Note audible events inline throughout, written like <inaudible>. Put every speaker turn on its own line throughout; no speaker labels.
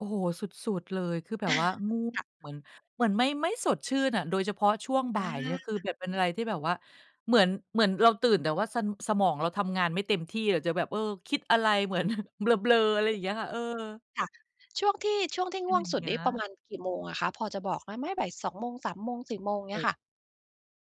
โอ้โฮ สุด ๆ เลย คือแบ
อ
บ
า
ว่าง่วง
ค่ะ
เหมือน เหมือนไม่ ไม่สดชื่นอะ โดยเฉพาะช่วงบ่
อ
ายเนี่ยคือ
า
แบบเป็นอะไรที่แบบว่า เหมือน เหมือนเราตื่น แต่ว่า สะ สมองเราทำงานไม่เต็มที่อะจะแบบ เออ คิดอะไรเหมือน <chuckles> เบลอ ๆ อะไรอย่างเงี้ยค่ะ เออ
ค่ะ ช่วงที่ ช่วงที่
เป
ง
็น
่ว
อ
ง
ย่า
ส
ง
ุด
เงี้
นี
ย
่ประมาณกี่โมงอะคะ พอจะบอกได้ไหม 14.00 โมง 15.00 16.00
โ
เ
อ
งี
้
้
โ
ย
ฮ
ค่ะ?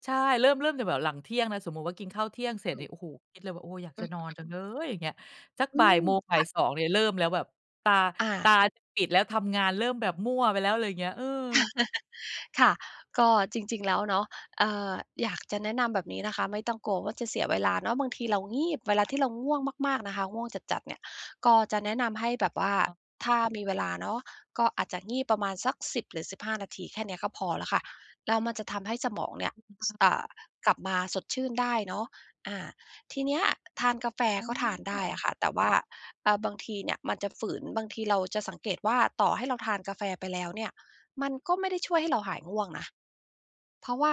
ใช่ เริ่ม เริ่มจากแบบหลังเที่ยงนะ สมมุติว่ากินข้าวเที่ยงเสร็
อ
จ
ื
เนี
ม
่ย โอ้โฮ คิดเลยว่า โอ้ อยาก
อ
จ
ื
ะนอน
อ
จังเลย อย่างเงี้ย สัก
อื
บ่าย
ม
โมง บ่
ค
าย
่ะ
สอง เนี่ยเริ่มแล้วแบบ ตา
อ
ต
า
าจะปิดแล้ว ทำงานเริ่มแบบมั่วไปแล้ว อะไรอย่างเงี้ย เออ
<laughs> ค่ะ ก็จริง ๆ แล้วเนาะ เอ่อ อยากจะแนะนำแบบนี้นะคะ ไม่ต้องกลัวว่าจะเสียเวลาเนาะ บางทีเรางีบ เวลาที่เราง่วงมาก ๆ นะคะ ง่วงจัด ๆ เนี่ย ก็จะแนะนำให้แบบว่
อ
า
ะฮะ
ถ้ามีเวลาเนาะ ก็อาจจะงีบประมาณสัก 10 หรือ 15 นาทีแค่เนี้ยก็พอแล้วค่ะ แล้วมันจะทำให้สมองเนี่ย ส อ
<unintelligible>
่า กลับมาสดชื่นได้เนาะ อา ทีเนี้ยทานกาแฟ
อ๋
ก็ทานได้อะ
อ
ค่ะ แต่ว่า เอ่อ บางทีเนี่ยมันจะฝืน บางทีเราจะสังเกตว่าต่อให้เราทานกาแฟไปแล้วเนี่ย มันก็ไม่ได้ช่วยให้เราหายง่วงนะ เพราะว่า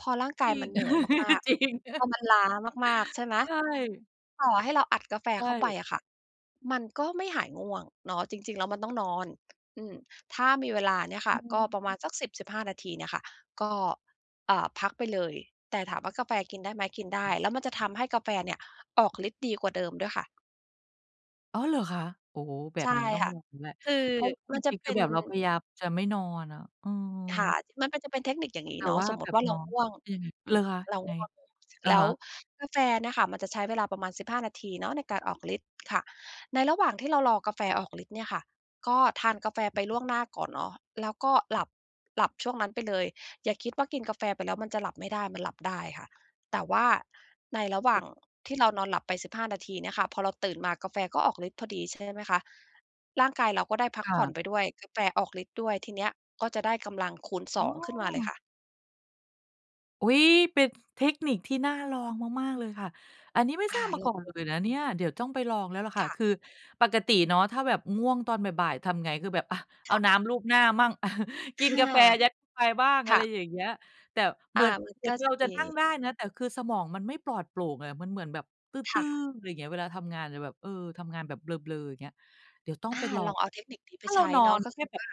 พอร่างก
จ
า
ร
ย
ิ
มั
ง
นเหนื่อยมาก
<laughs> จริง
ๆ พอมันล้ามาก ๆ ใช่ไหม?
ใช่
ต่อให้เราอัดกาแฟ
ใช
เข้าไป
่
อะค่ะ มันก็ไม่หายง่วงเนาะ จริง ๆ แล้วมันต้องนอน อืม ถ้ามีเวลาเนี่ย
เ
ค่ะ ก็
ออ
ประมาณสัก 10-15 นาทีเนี่ยค่ะ ก็ อ่า พักไปเลย แต่ถามว่ากาแฟกินได้ไหม? กินได้ แล้วมันจะทำให้กาแฟเนี่ยออกฤทธิ์ดีกว่าเดิมด้วยค่ะ
อ้อ เหรอคะ? โอ้โฮ แบ
ใช
บ
่
นั้นต้อง
ค่ะ
นอนแหละ
คือ
เพราะว่า
ม
จ
ันจะ
ริง ๆ
เ
ค
ป
ื
็
อ
น
แบบเราพยายามจะไม่นอนอะ เออ
ค่ะ มันเป็น จะเป็นเทคนิค อย่างงี
แ
้
ต่
เนา
ว
ะ
่า
สมม
แ
ุ
บ
ติ
บ
ว่าเร
น้
า
อง
ง่วง
อือ
อ
เห
ื
รอ
ม
คะ
เร
ย
า
ังไง?
ง่วง
อะ
แล้
ฮ
ว
ะ
กาแฟเนี่ยค่ะมันจะใช้เวลาประมาณ 15 นาทีเนาะในการออกฤทธิ์ค่ะ ในระหว่างที่เรารอกาแฟออกฤทธิ์เนี่ยค่ะ ก็ทานกาแฟไปล่วงหน้าก่อนเนาะ แล้วก็หลับ หลับช่วงนั้นไปเลย อย่าคิดว่ากินกาแฟไปแล้วมันจะหลับไม่ได้ มันหลับได้ค่ะ แต่ว่าในระหว่
เอ
าง
อ
ที่เรานอนหลับไป 15 นาทีเนี่ยค่ะ พอเราตื่นมากาแฟก็ออกฤทธิ์พอดี ใช่ไหมคะ ร่างกายเราก็ได้พั
ค
ก
่
ผ่อน
ะ
ไปด้วย กาแฟออกฤทธิ์ด้วย ทีเนี้ยก็จะได้กำลังคูณ ส
อ
อ
๋
ง ขึ้นมาเลย
อ
ค่ะ
อุ๊ย! เป็นเทคนิคที่น่าลองมาก ๆ เลยค่ะ อันนี้ไม่
อ
ทร
า
าบม
เร
า
ิ่
ก่อนเลย
ม
นะเนี่ย เดี๋ยวต้องไปลองแล้วแหละค่
ค
ะ
่
ค
ะ
ือปกติเนาะถ้าแบบง่วงตอนบ่าย ๆ ทำไง? คือแบบ อา เอ
ค
า
่ะ
น้ำลูบหน้ามั่ง อา กิ
ค
น
่
กา
ะ
แฟ ยัดเข้าไปบ้าง
ค
อะไ
่
ร
ะ
อย่างเงี้ย แต่เ
อ
หมื
า
อน
มัน
เหมื
ก
อ
็
นเ
จ
ร
ะ
า
ม
จะ
ี
นั่งได้นะ แต่คือสมองมันไม่ปลอดโปร่งอะ มันเหมือนแบบ ต
ค
ื
่
้อ
ะ
ๆ ไรเงี้ย เวลาทำงานจะแบบ เออ ทำงานแบบเบลอ ๆ อย่างเงี้ย เดี๋ยวต้อง
อา
ไปลอ
ล
ง
องเอาเทคนิคนี้ไป
ถ้าเร
ใช
า
้
นอ
เนาะ
น
ก็
แค
ค
่
ือ
แบ
ว
บ
่า